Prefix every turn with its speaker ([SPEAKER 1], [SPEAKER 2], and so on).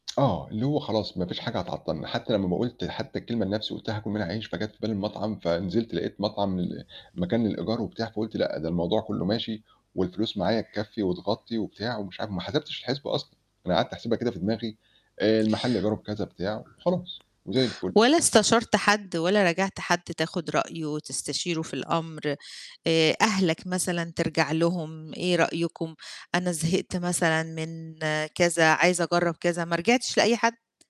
[SPEAKER 1] آه، اللي هو خلاص ما فيش حاجة هتعطَّلنا، حتّى لمّا م قُلت حتّى الكلمة لنَفْسي قُلت هاكُل منها عيش، فجات في بالي المطعم، فنزلت لقيت مطعم ال مكان للإيجار وبتاع، فقُلت لأ، ده الموضوع كُلّه ماشي والفلوس معايا تكفّي وتغطّي وبتاع ومش عارف وما حسبتش الحِسْبة أصلًا، أنا قعدت أحسِبها كده في دماغي آآ المحل إيجاره بكذا بتاع خلاص وزي الفُل.
[SPEAKER 2] ولا استشرت حد ولا راجعت حد تاخُد رأيه وتستشيره في الأمر؟ آآ أهلك مثلًا ترجع لهم، إيه رأيكم؟ أنا زهقت مثلًا من كذا، عايز أجرّب كذا، ما رجعتش لأي حد؟